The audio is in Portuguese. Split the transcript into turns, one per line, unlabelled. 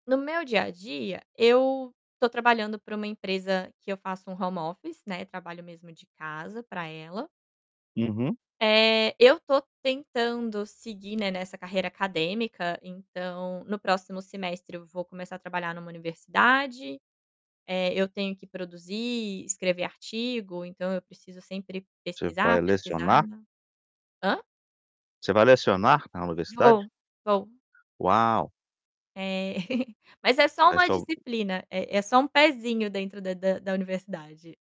No meu dia a dia, eu tô trabalhando para uma empresa que eu faço home office, né, trabalho mesmo de casa pra ela.
Uhum.
Eh, eu tô tentando seguir, né, nessa carreira acadêmica, então, no próximo semestre eu vou começar a trabalhar em uma universidade, eh, eu tenho que produzir, escrever artigo, então, eu preciso sempre
Você
pesquisar,
vai
pesquisar
lecionar?
Hã?
Você vai lecionar na universidade?
Vou, vou.
Uau!
É. Mas é só
Vai
uma
só
disciplina, é é só um pezinho dentro da da da universidade.